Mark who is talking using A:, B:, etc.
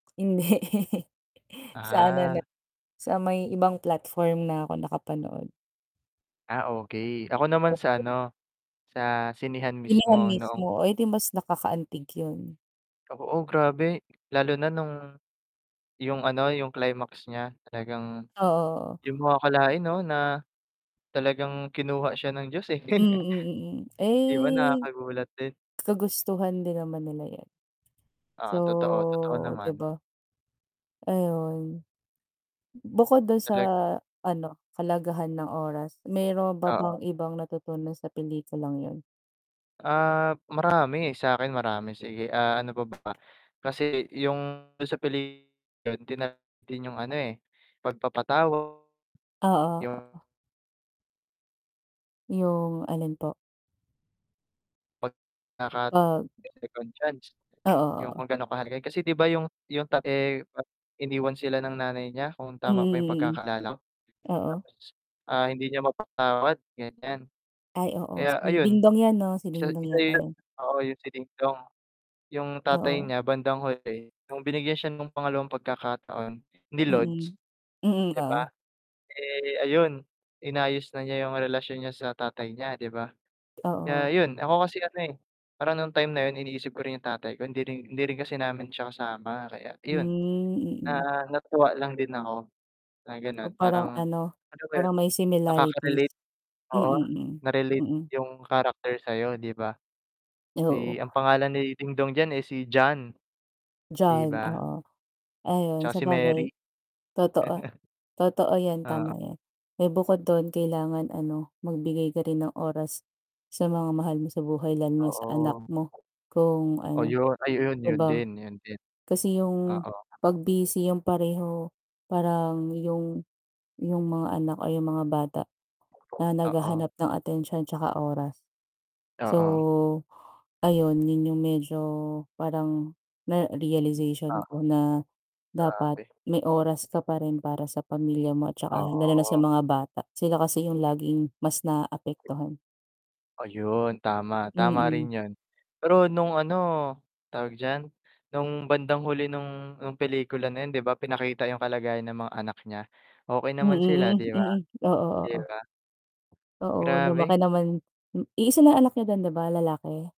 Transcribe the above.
A: Hindi. Sana na
B: Ah.
A: sa may ibang platform na ako nakapanood.
B: Ah, okey. Ako naman sa
A: Oo.
B: ano, sa sinehan mismo
A: Sinehan
B: noong
A: mismo. Oh, eh, di mas nakakaantig yun.
B: Oo, grabe. Lalo na nung yung ano, yung climax niya. Talagang
A: Oo.
B: di mo akalain 'no na talagang kinuha siya ng Diyos, eh.
A: Mm, mm.
B: Di ba
A: Eh,
B: nakakagulat din?
A: kagustuhan din naman nila 'yan.
B: Ah, totoo. Totoo
A: So di
B: naman.
A: ba? Ayun. Bukod dun sa
B: Talaga.
A: ano, kahalagahan ng oras, meron ba bang
B: Oo.
A: ibang natutunan sa pelikulang yun?
B: Ah, marami. Sa'kin marami. Sige, ah, ano pa ba? kasi yung dun sa peli [unintelligible] din yung ano, eh, pagpapatawad,
A: Oo,
B: yung
A: oo. Yung alin po?
B: Pag
A: Ah
B: [unintelligible] second chance
A: Oo,
B: yung
A: oo.
B: kung ganun kahalaga. Kasi di ba yung yung ta eh, iniwan sila ng nanay niya kung tama pa yung
A: Mm, mm.
B: pagkakaalala ko.
A: Oo.
B: Tapos. Ah, hindi niya mapatawad ganyan.
A: Ay oo.
B: Kaya
A: Si
B: ayun
A: Dingdong 'yan 'no? Si
B: isa
A: Dingdong yata
B: isa
A: yun.
B: oo, yung si Dingdong, yung tatay
A: Oo.
B: niya bandang huli, nung binigyan siya ng pangalawang pagkakataon ni Lods.
A: Mm. Mm,
B: Di ba?
A: oo.
B: Eh, ayun inayos na niya yung relasyon niya sa tatay niya, di ba? Kaya
A: Oo.
B: yun. Ako kasi ano, eh, parang nung time na yun iniisip ko rin yung tatay ko hindi rin hindi rin kasi namin siya kasama. Kaya iyon
A: Hmm, mm.
B: na natutuwa lang din ako na
A: Oh,
B: gano'n
A: parang
B: parang
A: ano,
B: ano ba yun,
A: parang may similarities.
B: nakakarelate oo,
A: Mm,
B: na-relate
A: mm.
B: yung character sa'yo, di ba?
A: Oo.
B: Eh, ang pangalan ni Dingdong diyan, eh, si John. Di
A: John,
B: ba?
A: oo. Ayun,
B: Tsaka si
A: sabagay.
B: Mary.
A: Totoo, totoo 'yan.
B: Oo.
A: Tama 'yan. Eh, bukod dun kailangan ano, magbigay ka rin ng oras sa mga mahal mo sa buhay lalo na sa anak
B: Oo.
A: mo kung
B: Oh
A: ano,
B: yun, ay yun
A: di
B: yun
A: ba?
B: din, yun din.
A: Kasi yung
B: Oo.
A: 'pag busy yung pareho parang yung yung mga anak ay yung mga bata na
B: Oo.
A: naghahanap ng atensyon tsaka oras. So
B: Oo.
A: ayun, yun yung medyo parang na realization
B: Oo.
A: ko na dapat
B: Grabe.
A: may oras ka pa rin para sa pamilya mo at tsaka lalo na sa
B: Oo.
A: mga bata. Sila kasi yung laging mas naapektuhan.
B: Ayun, tama. Tama rin
A: Mm.
B: yun. Pero nung ano tawag diyan, nung bandang huli nung nung pelikula na yun di ba pinakita yung kalagayan ng mga anak niya. Okey naman sila,
A: Mm,
B: di ba?
A: mm, oo,
B: Di
A: oo.
B: ba?
A: Oo,
B: Grabe.
A: lumaki naman. Iisa lang anak niya dun di ba, lalaki?